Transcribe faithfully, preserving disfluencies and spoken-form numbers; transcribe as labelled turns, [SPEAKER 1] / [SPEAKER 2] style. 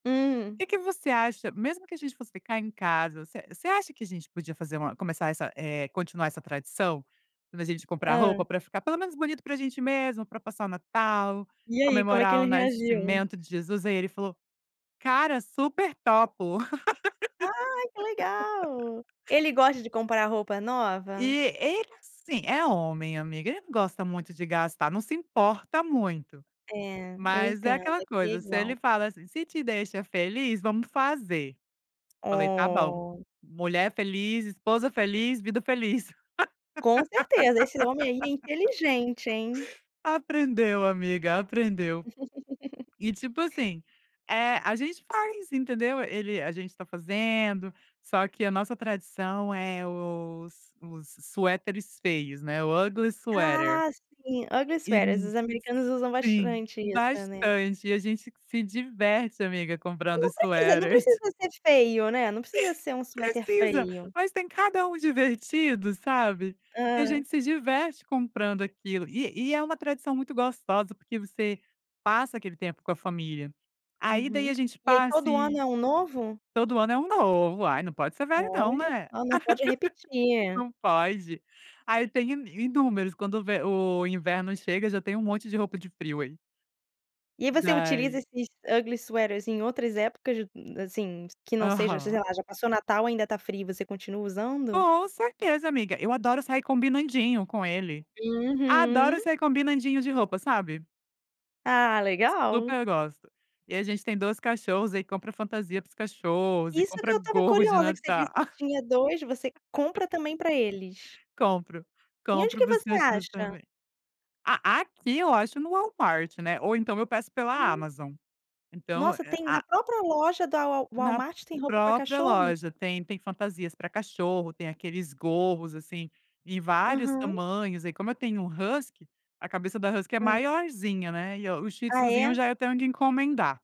[SPEAKER 1] Hum.
[SPEAKER 2] Que que você acha mesmo que a gente fosse ficar em casa, você você acha que a gente podia fazer uma começar essa eh, continuar essa tradição? Quando a gente comprar
[SPEAKER 1] Hã.
[SPEAKER 2] roupa, pra ficar pelo menos bonito pra gente mesmo, pra passar o Natal,
[SPEAKER 1] E aí, como é que
[SPEAKER 2] comemorar o
[SPEAKER 1] ele reagiu?
[SPEAKER 2] nascimento de Jesus? Aí ele falou: "Cara, super topo".
[SPEAKER 1] Ai, que legal! Ele gosta de comprar roupa
[SPEAKER 2] E
[SPEAKER 1] nova?
[SPEAKER 2] ele, assim, é homem, amiga, ele não gosta muito de gastar, não se importa muito.
[SPEAKER 1] É, eu
[SPEAKER 2] Mas é
[SPEAKER 1] entendo,
[SPEAKER 2] aquela
[SPEAKER 1] aqui é
[SPEAKER 2] coisa, se ele
[SPEAKER 1] igual.
[SPEAKER 2] fala, assim: "Se te deixa feliz, vamos fazer". Falei: "Tá bom!
[SPEAKER 1] Oh!
[SPEAKER 2] Mulher feliz, esposa feliz, vida feliz".
[SPEAKER 1] Com certeza, esse homem, aí, é inteligente, hein.
[SPEAKER 2] Aprendeu, amiga, aprendeu. E, tipo, assim, eh, a gente faz, entendeu. Ele a gente tá fazendo, só que a nossa tradição é, os os suéteres feios, né, o ugly sweater
[SPEAKER 1] Ah, sim, ugly
[SPEAKER 2] e,
[SPEAKER 1] sweaters,
[SPEAKER 2] hum
[SPEAKER 1] os americanos usam
[SPEAKER 2] sim!
[SPEAKER 1] bastante isso, né.
[SPEAKER 2] Bastante, e a gente se diverte, amiga, comprando
[SPEAKER 1] Não precisa não precisa
[SPEAKER 2] sweaters.
[SPEAKER 1] ser feio, né, não precisa ser um suéter
[SPEAKER 2] Precisa.
[SPEAKER 1] feio.
[SPEAKER 2] Mas, tem cada um divertido, sabe, e a
[SPEAKER 1] Hã.
[SPEAKER 2] gente se diverte comprando aquilo, e e é uma tradição muito gostosa, porque você passa aquele tempo com a família. Aí, daí,
[SPEAKER 1] Uhum.
[SPEAKER 2] a gente
[SPEAKER 1] E, aí,
[SPEAKER 2] passa
[SPEAKER 1] todo ano
[SPEAKER 2] e
[SPEAKER 1] é um novo?
[SPEAKER 2] todo ano é um novo, ai, não pode ser velho não,
[SPEAKER 1] Olha
[SPEAKER 2] né?
[SPEAKER 1] só, não pode repetir.
[SPEAKER 2] não pode! Ai, eu tenho in inúmeros quando o ve o inverno chega, já tem um monte de roupa de frio, aí.
[SPEAKER 1] E você utiliza
[SPEAKER 2] Daí
[SPEAKER 1] esses ugly sweaters em outras épocas, hum, assim, que não seja sei
[SPEAKER 2] Aham.
[SPEAKER 1] lá, já passou o Natal ainda tá frio e você continua usando?
[SPEAKER 2] Com certeza, amiga. Eu adoro sair combinandinho com ele. Adoro
[SPEAKER 1] Uhum.
[SPEAKER 2] sair combinandinho de roupa, sabe?
[SPEAKER 1] Ah,
[SPEAKER 2] S
[SPEAKER 1] legal!
[SPEAKER 2] super gosto. E a gente tem dois cachorros, aí compra fantasia para os cachorros e
[SPEAKER 1] Isso que
[SPEAKER 2] compra
[SPEAKER 1] eu estava
[SPEAKER 2] gorros de
[SPEAKER 1] curiosa, que você
[SPEAKER 2] Natal.
[SPEAKER 1] disse que tinha dois. Você compra também pra eles?
[SPEAKER 2] Compro,
[SPEAKER 1] E onde
[SPEAKER 2] compro
[SPEAKER 1] que
[SPEAKER 2] para os
[SPEAKER 1] você
[SPEAKER 2] cachorros
[SPEAKER 1] acha?
[SPEAKER 2] também. A aqui eu acho no Walmart, né, ou então eu peço pela
[SPEAKER 1] Oh.
[SPEAKER 2] Amazon, então
[SPEAKER 1] Nossa,
[SPEAKER 2] é
[SPEAKER 1] tem
[SPEAKER 2] a
[SPEAKER 1] na própria loja da Wal
[SPEAKER 2] Na
[SPEAKER 1] Walmart tem roupa pra
[SPEAKER 2] própria
[SPEAKER 1] cachorro?
[SPEAKER 2] loja tem, tem fantasias pra cachorro, tem aqueles gorros, assim, em vários
[SPEAKER 1] Aham.
[SPEAKER 2] tamanhos, aí como eu tenho um husky, a cabeça da husky é
[SPEAKER 1] Hã.
[SPEAKER 2] maiorzinha, né, e o o shih
[SPEAKER 1] Ah,
[SPEAKER 2] tzuzinho eu
[SPEAKER 1] é?
[SPEAKER 2] já, eh, tenho que encomendar.